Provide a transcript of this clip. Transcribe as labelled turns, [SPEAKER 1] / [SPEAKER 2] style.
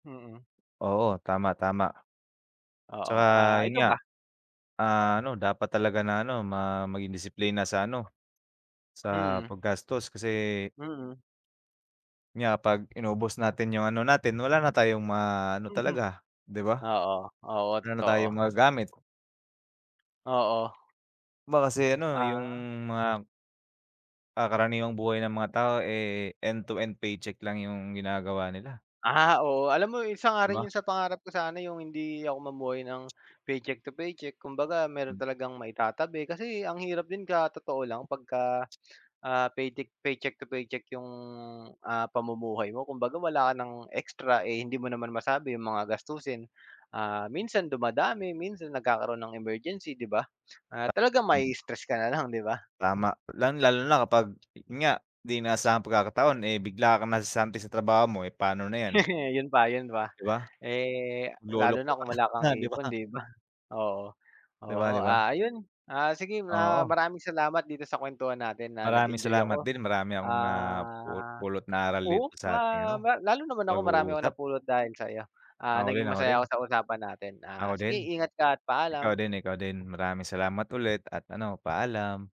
[SPEAKER 1] Mm.
[SPEAKER 2] Oo tama, tama.
[SPEAKER 1] Oo,
[SPEAKER 2] Tsaka
[SPEAKER 1] ah,
[SPEAKER 2] yun
[SPEAKER 1] ikaw
[SPEAKER 2] nga.
[SPEAKER 1] ba?
[SPEAKER 2] Ah, ano dapat talaga na ano ma maging disiplina sa ano sa
[SPEAKER 1] Mm.
[SPEAKER 2] paggastos kasi
[SPEAKER 1] Mm.
[SPEAKER 2] nga pag inubos natin yung ano natin wala na tayong maano
[SPEAKER 1] Mhm.
[SPEAKER 2] talaga, 'di ba?
[SPEAKER 1] Oo. Oo,
[SPEAKER 2] Wala na tayong
[SPEAKER 1] totoo.
[SPEAKER 2] magagamit.
[SPEAKER 1] Oo.
[SPEAKER 2] Ma kasi ano yung
[SPEAKER 1] Ah.
[SPEAKER 2] mga ah, karaniwang buhay ng mga tao, eh, end to end paycheck lang yung ginagawa nila.
[SPEAKER 1] Ah, oo, alam mo isa nga
[SPEAKER 2] 'Di
[SPEAKER 1] rin
[SPEAKER 2] ba?
[SPEAKER 1] yun sa pangarap ko sana yung hindi ako mamuhay ng paycheck to paycheck. Kumbaga meron
[SPEAKER 2] Hmm.
[SPEAKER 1] talagang maitatabi kasi ang hirap din ka totoo lang pag ka, ah, paytic paycheck to paycheck yung, ah, pamumuhay mo. Kumbaga wala ka ng extra, eh, hindi mo naman masabi yung mga gastusin. Ah, minsan dumadami, minsan nagkakaroon ng emergency, 'di ba? Ah,
[SPEAKER 2] Ta
[SPEAKER 1] talagang
[SPEAKER 2] tama.
[SPEAKER 1] ma-istress ka na lang, 'di ba?
[SPEAKER 2] Tama, lalong lalo na kapag yun nga, 'di inaasahang pagkakataon, eh, bigla kang nasesante sa trabaho mo. Eh, paano na 'yan?
[SPEAKER 1] Yun pa, yun pa.
[SPEAKER 2] 'Di ba?
[SPEAKER 1] Eh, lalo
[SPEAKER 2] Lolompo
[SPEAKER 1] na
[SPEAKER 2] ka
[SPEAKER 1] kung wala kang
[SPEAKER 2] na 'di ba?
[SPEAKER 1] ipon, 'di ba? Oo.
[SPEAKER 2] 'Di ba,
[SPEAKER 1] Oo,
[SPEAKER 2] 'di ba?
[SPEAKER 1] ah, ayun. Ah, sige na
[SPEAKER 2] Oo.
[SPEAKER 1] maraming salamat dito sa kwentuhan natin na
[SPEAKER 2] Maraming
[SPEAKER 1] nag-enjoy
[SPEAKER 2] salamat
[SPEAKER 1] ako.
[SPEAKER 2] din marami akong na pul
[SPEAKER 1] Ah,
[SPEAKER 2] pulot na aral dito
[SPEAKER 1] oo,
[SPEAKER 2] sa'ting
[SPEAKER 1] ah,
[SPEAKER 2] ano,
[SPEAKER 1] ma lalo naman ako marami ako
[SPEAKER 2] pag-uusap.
[SPEAKER 1] napulot dahil sa'yo. Ah,
[SPEAKER 2] Ako rin,
[SPEAKER 1] naging
[SPEAKER 2] ako rin.
[SPEAKER 1] masaya ako sa usapan natin. Ah,
[SPEAKER 2] Ako
[SPEAKER 1] sige
[SPEAKER 2] din.
[SPEAKER 1] ingat ka at
[SPEAKER 2] Ikaw
[SPEAKER 1] paalam.
[SPEAKER 2] din, ikaw din maraming salamat ulit at ano paalam.